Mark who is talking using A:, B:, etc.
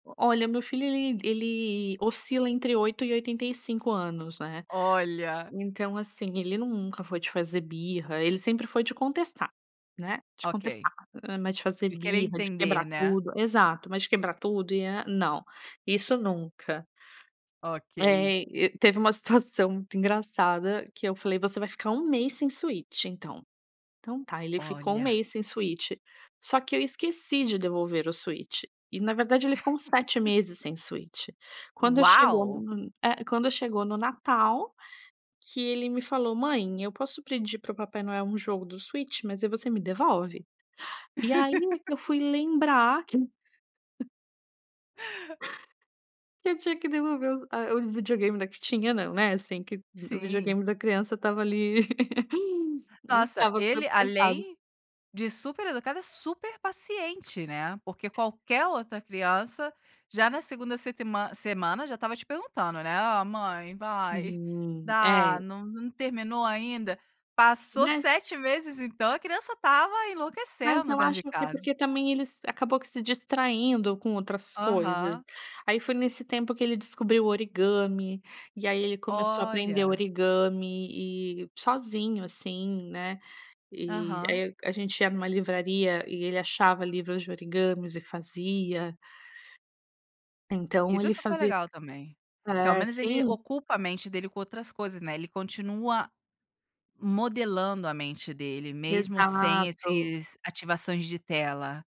A: Olha meu filho ele ele oscila entre 8 e 85 anos, né,
B: Olha!
A: então, assim, ele nunca foi de fazer birra, ele sempre foi de contestar, né, de
B: Ok.
A: contestar, hã, mas de fazer
B: De querer
A: birra, de
B: entender,
A: quebrar
B: né?
A: tudo exato, mas de quebrar tudo e a não, isso nunca.
B: Ok.
A: Eh, e teve uma situação muito engraçada, que eu falei: "Você vai ficar 1 mês sem Switch, então". Então tá, ele ficou 1
B: Olha.
A: mês sem Switch, só que eu esqueci de devolver o Switch, e na verdade ele ficou uns 7 meses sem Switch. Quando chegou
B: Uau!
A: no, eh, quando chegou no Natal, que ele me falou: "Mãe, eu posso pedir para o Papai Noel, um jogo do Switch? Mas aí você me devolve". E aí, eu fui lembrar que que eu tinha que devolver o a o videogame da que tinha não, né, assim, que o
B: Sim.
A: videogame da criança estava ali,
B: Nossa,
A: estava
B: ele,
A: [unintelligible]
B: além de super educado, é super paciente, né, porque qualquer outra criança já na 2º setman semana já estava te perguntando, né: "Ah, mãe,
A: Se
B: vai,
A: um
B: dá,
A: é.
B: não não terminou ainda?" Passou
A: Né.
B: 7 meses, então a criança estava
A: Mas
B: enlouquecendo
A: eu
B: dentro
A: acho
B: de
A: que,
B: casa.
A: porque também, ele se acabou que se distraindo com outras coisas.
B: Aham.
A: Aí foi nesse tempo, que ele descobriu o origami, e aí ele começou a aprender
B: Olha.
A: origami, e sozinho, assim, né, e
B: Aham.
A: aí a gente ia em uma livraria, e ele achava livros de origamis e fazia. Então,
B: Isso é
A: ele
B: super
A: fazia
B: legal também. Que, ao
A: é,
B: menos, ele
A: sim.
B: ocupa a mente dele, com outras coisas, né, ele continua modelando a mente dele, mesmo sem
A: Exato.
B: esses, ativações de tela.